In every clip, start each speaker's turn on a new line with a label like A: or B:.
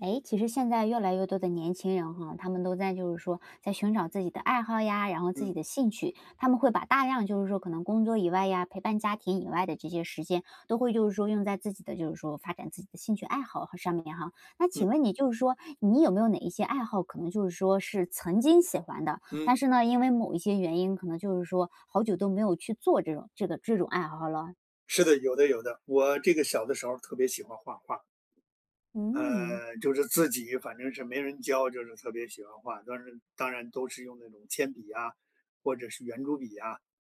A: 哎，其实现在越来越多的年轻人哈，他们都在就是说，在寻找自己的爱好呀，然后自己
B: 嗯。
A: 的兴趣，他们会把大量就是说可能工作以外呀，陪伴家庭以外的这些时间，都会就是说用在自己的就是说，发展自己的兴趣爱好和上面哈。那
B: 嗯。
A: 请问你就是说，你有没有哪一些爱好，可能就是说是曾经喜欢的？
B: 嗯。
A: 但是呢，因为某一些原因可能就是说，好久都没有去做这种这个这种爱好了？
B: 是的，有的有的。我这个小的时候特别喜欢画画儿。
A: 嗯。
B: 呃，就是自己反正是没人教就是特别喜欢画，但是当然都是用那种铅笔啊，或者是圆珠笔啊，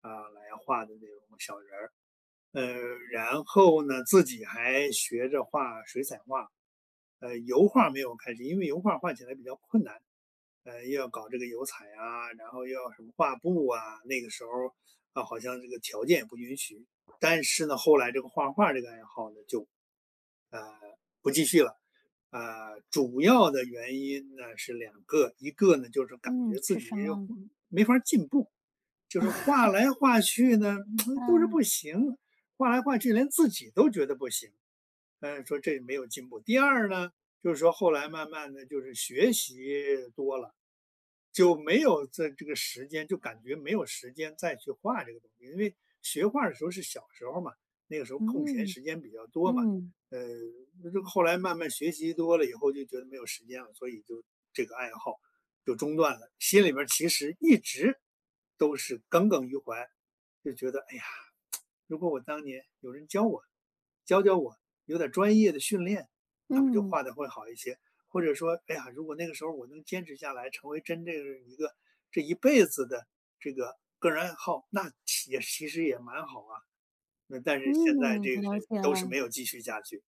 B: 啊，来画的那种小人儿。呃，然后呢自己还学着画水彩画。呃，油画儿没有开始，因为油画儿画起来比较困难，呃，又要搞这个油彩啊，然后又要什么画布啊，那个时候，啊，好像这个条件也不允许。但是呢，后来这个画画儿这个爱好呢就，呃，不继续了。啊，主要的原因呢是两个：一个呢，就是感
A: 嗯，
B: 觉自
A: 是
B: 己
A: 什
B: 有
A: 么？
B: 没法儿进步，就是画 来画去呢，不是
A: 嗯。
B: 不行，画来画去连自己都觉得不行，唉，说这没有进步；第二呢，就是说后来慢慢地就是学习多了，就没有在这个时间，就感觉没有时间再去画这个东西。因为学画儿的时候是小时候嘛，那个时候空闲
A: 嗯。
B: 时间比较多嘛，
A: 嗯。
B: 呃，那就后来慢慢学习多了以后就觉得没有时间了，所以就这个爱好就中断了。心里面儿其实一直都是耿耿于怀，就觉得，哎呀，如果我当年有人教我，教教我有点儿专业的训练，那不就
A: 嗯。
B: 画得会好一些。或者说，哎呀，如果那个时候我能坚持下来，成为真正的一个这一辈子的这个个人爱好，那其也其实也蛮好啊。那但是现在
A: 嗯，
B: 这个是
A: 了解
B: 都是
A: 了。
B: 没有继续下去。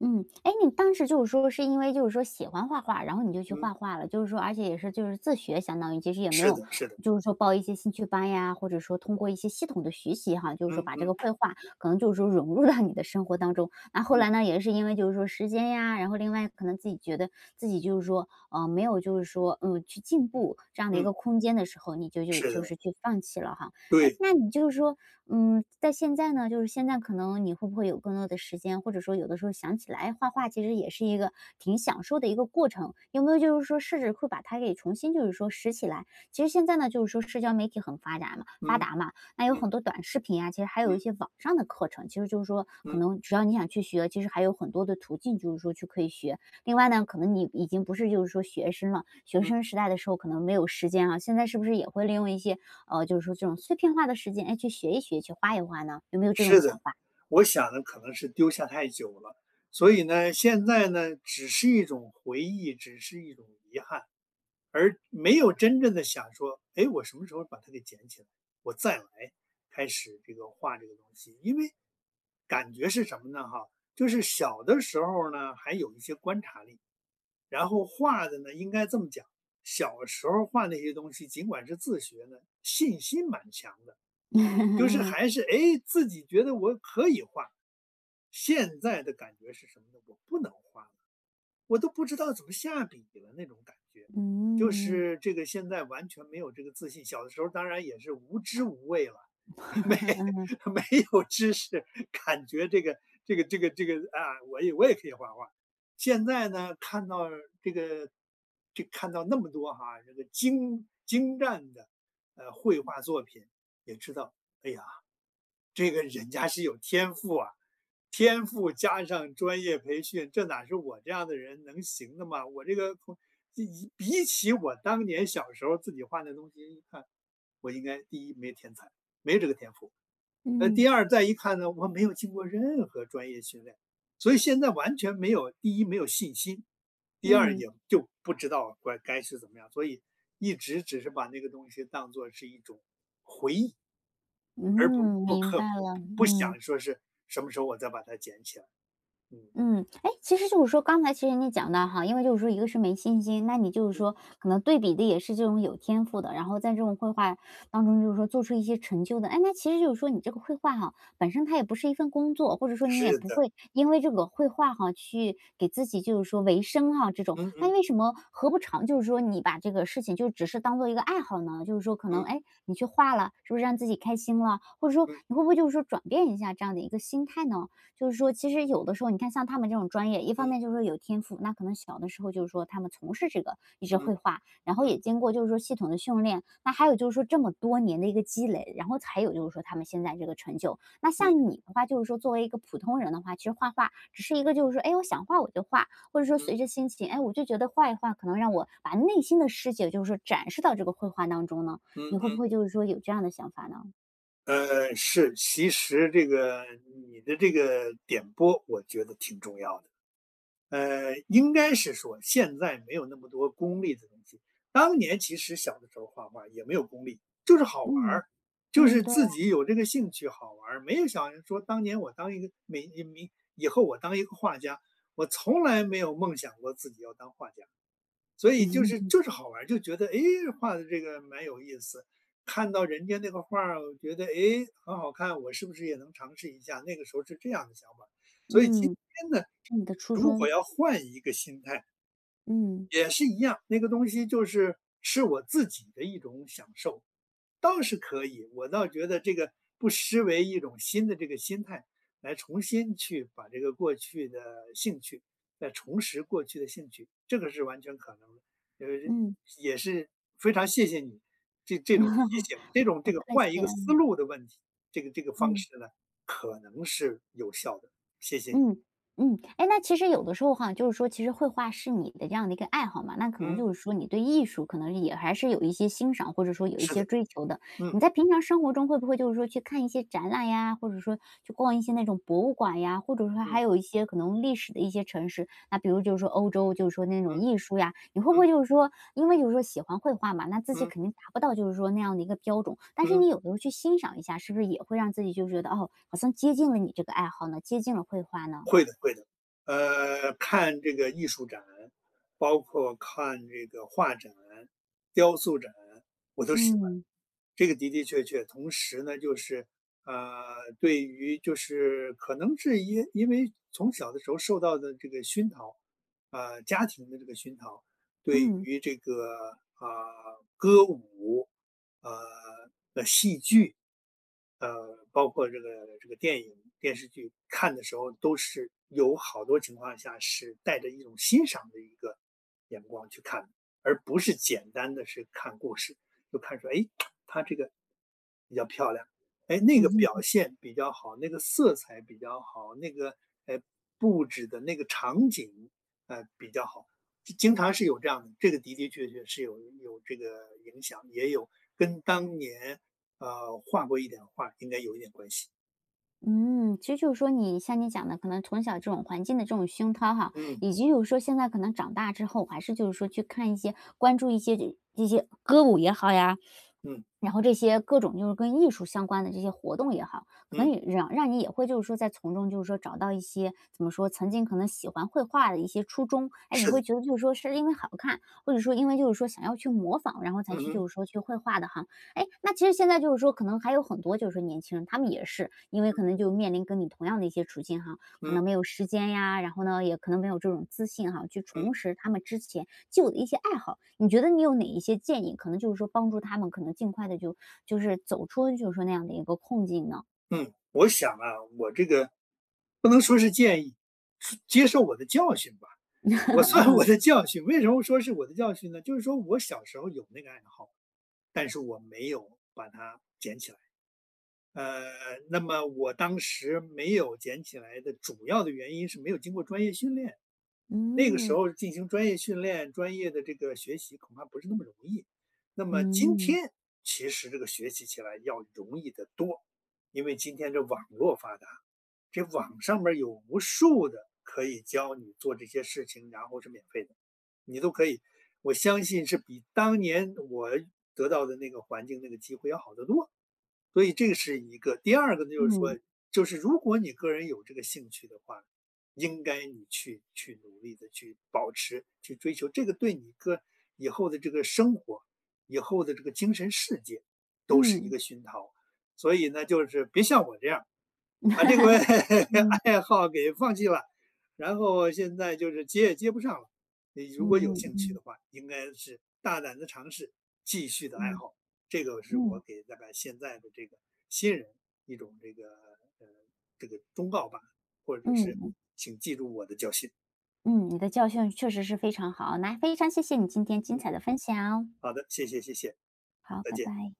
A: 嗯，哎，那你当时就是说是因为就是说喜欢画画，然后你就去
B: 嗯。
A: 画画了，就是说而且也是就是自学相当于，其实也没
B: 是
A: 有
B: 的是的。
A: 就是说报一些兴趣班呀，或者说通过一些系统的学习哈，就是
B: 嗯
A: 说把这个
B: 嗯。
A: 绘画，可能就是说融入到你的生活当中。那后
B: 嗯。
A: 来呢也是因为就是说时间呀，然后另外可能自己觉得，自己就是说，呃，没有就是说，嗯，去进步，这样的一
B: 嗯。
A: 个空间的时候，你就就
B: 是
A: 就
B: 的。
A: 是去放弃了哈。哎，
B: 对。
A: 那你就是说，嗯，在现在呢，就是现在可能你会不会有更多的时间？或者说有的时候想起来画画其实也是一个，挺享受的一个过程，有没有就是说试试会，把它给重新就是说拾起来？其实现在呢就是说社交媒体很发达嘛发
B: 嗯，
A: 达嘛，那有
B: 嗯。
A: 很多短视频啊，其实还有
B: 嗯。
A: 一些网上的课程，其实就是说，可
B: 嗯。
A: 能只要你想去学，其实还有很多的途径就是说去可以学。另外呢可能你已经不是就是说学生了，学
B: 嗯。
A: 生时代的时候可能没有时间啊，现在是不是也会利用一些，嗯，就是说这种碎片化的时间，哎，去学一学、去画一画呢？有没有这种
B: 是
A: 想
B: 的，
A: 法？
B: 我想呢可能是丢下太久了。所以呢，现在呢只是一种回忆，只是一种遗憾，而没有真正地想说，诶，我什么时候把它给捡起来，我再来，开始这个画这个东西。因为，感觉是什么呢哈？就是小的时候儿呢，还有一些观察力，然后画的呢应该这么讲，小时候儿画那些东西，尽管是自学的，信心蛮强的。就是
A: 嗯。
B: 还是，诶，自己觉得我可以画。现在的感觉是什么呢？我不能画了，我都不知道怎么下笔了那种感觉。就
A: 嗯。
B: 是这个现在完全没有这个自信，小的时候当然也是无知无畏了。没
A: 嗯。
B: 没有知识，感觉这个这个这个这个，啊，我也我也可以画画。现在呢看到这个就看到那么多哈，这个精精湛的，呃，绘画作品，也知道，哎呀，这个人家是有天赋啊，天赋加上专业培训，这哪是我这样的人能行的吗？我这个空一一比起我当年小时候自己画的东西一看，我应该第一没天才，没这个天赋。呃，
A: 嗯。
B: 第二再一看呢，我没有经过任何专业训练，所以现在完全没有第一没有信心，第二
A: 嗯。
B: 也就不知道乖该是怎么样，所以一直只是把那个东西当作是一种回忆。而不
A: 嗯，
B: 不
A: 明
B: 刻
A: 白
B: 不
A: 了，
B: 不不
A: 嗯。
B: 想说是什么时候我再把它捡起来。嗯。
A: 嗯，哎，其实就是说，刚才其实你也讲的哈，因为就是说一个是没信心，那你就是
B: 嗯。
A: 说，可能对比的也是这种有天赋的，然后在这种绘画当中，就是说做出一些成就的。哎，那其实就是说你这个绘画哈，本身它也不是一份工作，或者说你也
B: 是
A: 不
B: 的。
A: 会，因为这个绘画哈，去给自己就是说维生啊这种。
B: 嗯
A: 那
B: 嗯。
A: 为什么何不尝就是说你把这个事情就只是当做一个爱好呢？就是说可能，
B: 嗯。
A: 哎，你去画了，是不是让自己开心了？或者说，
B: 嗯。
A: 你会不会就是说转变一下这样的一个心态呢？就是说其实有的时候你看像他们这种专业，一方
B: 嗯。
A: 面就是说有天赋，那可能小的时候就是说他们从事这个，一直
B: 嗯，
A: 绘画，然后
B: 嗯。
A: 也经过就是说系统的训练，那还有就是说这么多年的一个积累，然后才有就是说他们现在这个成就。那
B: 嗯。
A: 像你的话，就是说作为一个普通人的话，其实画画，只是一个就是说，哎，我想画我就画，或者说
B: 嗯。
A: 随着心情，哎，我就觉得画一画可能让我把内心的世界就是说展示到这个绘画当中呢？
B: 嗯
A: 你会
B: 嗯。
A: 不会就是说有这样的想法呢？
B: 嗯，是，其实这个你的这个点拨我觉得挺重要的。呃，应该是说现在没有那么多功利的东西，当年其实小的时候画画儿也没有功利，就是好玩
A: 嗯，
B: 儿，就
A: 嗯。
B: 是
A: 对
B: 自
A: 啊。
B: 己有这个兴趣好玩儿，没有想着说当年我当一个 [unintelligible] 以后我当一个画家。我从来没有梦想过自己要当画家。所以就是 就是好玩儿，就觉得，哎，画的这个蛮有意思，看到人家那个画儿，我觉得，哎，很好看，我是不是也能尝试一下？那个时候是这样的想法。所以今
A: 嗯，
B: 天呢，
A: 是你的初
B: 如果
A: 衷。
B: 要换一个心态
A: 嗯。
B: 也是一样，那个东西就是是我自己的一种享受。倒是可以，我倒觉得这个，不失为一种新的这个心态，来重新去把这个过去的兴趣来重拾过去的兴趣，这个是完全可能的。呃，
A: 嗯。
B: 也是，非常谢谢你，这这种提醒，这 种
A: 不
B: 这个
A: 客
B: 换一
A: 气。
B: 个思
A: 嗯。
B: 路的问题，这个这个方
A: 嗯。
B: 式呢，可能是有效的，谢谢你。
A: 嗯嗯。哎，那其实有的时候哈，就是说其实绘画是你的这样的一个爱好嘛，那可能
B: 嗯。
A: 就是说你对艺术可能是也还是有一些欣赏，或者说有一
B: 是
A: 些
B: 的。
A: 追求的。你
B: 嗯。
A: 在平常生活中会不会就是说去看一些展览呀？或者说，去逛一些那种博物馆呀？或者说
B: 嗯。
A: 还有一些可能历史的一些城市，那比如就是说欧洲就是说那种
B: 嗯。
A: 艺术呀？你会不
B: 嗯。
A: 会就是说因为就是说喜欢绘画嘛，那自己
B: 嗯。
A: 肯定达不到就是说那样的一个标准，但是
B: 嗯。
A: 你有时候去欣赏一下，是不是也会让自己就是觉得，哦，好像接近了你这个爱好呢？接近了绘画呢？
B: 会的会的。呃，看这个艺术展，包括看这个画展，雕塑展、我都喜欢。
A: 嗯。
B: 这个的的确确，同时呢，就是，呃，对于就是可能是因因为从小的时候受到的这个熏陶，啊，家庭的这个熏陶，对
A: 嗯。
B: 于这个，啊，歌舞，啊，呃，戏剧，呃，包括这个这个电影，电视剧，看的时候都是有好多情况下是带着一种欣赏的一个眼光去看的，而不是简单的是看故事。就看说，哎，它这个比较漂亮，哎，那个表 现比较好；那个色彩比较好，那个，哎，布置的那个场景，呃，比较好，就经常是有这样的，这个的的确确是有有这个影响，也有跟当年，呃，画过一点画儿应该有一点关系。
A: 嗯，其实就是说你，像你讲的，可能从小这种环境的这种熏陶哈，
B: 嗯。
A: 以及就是说现在可能长大之后，还是就是说去看一些，关注一些这这些歌舞也好呀，
B: 嗯。
A: 然后这些各种就是跟艺术相关的这些活动也好，可
B: 嗯。
A: 能也壤让你也会就是说在从中就是说找到一些，怎么说？曾经可能喜欢绘画的一些初衷。诶，你
B: 是的。
A: 会觉得，就是说是因为好看，或者说因为，就是说想要去模仿，然后才
B: 嗯
A: 去
B: 哼。
A: 就是说去绘画的哈。诶，那其实现在就是说可能还有很多，就是说年轻人，他们也是，因为可
B: 嗯。
A: 能就面临跟你同样的一些处境哈，可
B: 嗯。
A: 能没有时间呀，然后呢也可能没有这种自信哈，去
B: 嗯。
A: 重拾他们之前旧的一些爱好。你觉得你有哪一些建议，可能就是说帮助他们可能尽快地就就是走出就是说那样的一个困境呢？
B: 嗯，我想啊，我这个不能说是建议，是接受我的教训吧。我算我
A: 嗯。
B: 的教训，为什么说是我的教训呢？就是说我小时候有那个爱好，但是我没有把它捡起来。呃，那么我当时没有捡起来的主要的原因是没有经过专业训练，那个时
A: 嗯。
B: 候进行专业训练，专业的这个学习恐怕不是那么容易。那么今
A: 嗯。
B: 天，其实这个学习起来要容易得多。因为今天这网络发达，这网上面儿有无数的可以教你做这些事情，然后是免费的，你都可以我相信是比当年我得到的那个环境、那个机会要好得多。所以这个是一个，第二个呢就是说，
A: 嗯。
B: 就是如果你个人有这个兴趣的话，应该你去去努力地去保持、去追求，这个对你个以后的这个生活，以后的这个精神世界都是一
A: 嗯。
B: 个熏陶。所以呢，就是别像我这样，把这个
A: 嗯。
B: 爱好给放弃了，然后现在就是接也接不上了。你如
A: 嗯
B: 果有
A: 嗯
B: 兴趣
A: 嗯。
B: 的话应该是“大胆地尝试，继续地爱
A: 嗯。
B: 好”，这个是我
A: 嗯。
B: 给大概现在的这个新人，一种这个呃，这个忠告吧，或者
A: 嗯
B: 是，
A: 嗯。
B: 请记住我的教训。
A: 嗯，你的教训确实是非常好，那非常谢谢你今天精
B: 嗯，
A: 彩的分享。
B: 好的，谢谢谢谢，
A: 好，
B: 再
A: 拜
B: 见。
A: 拜。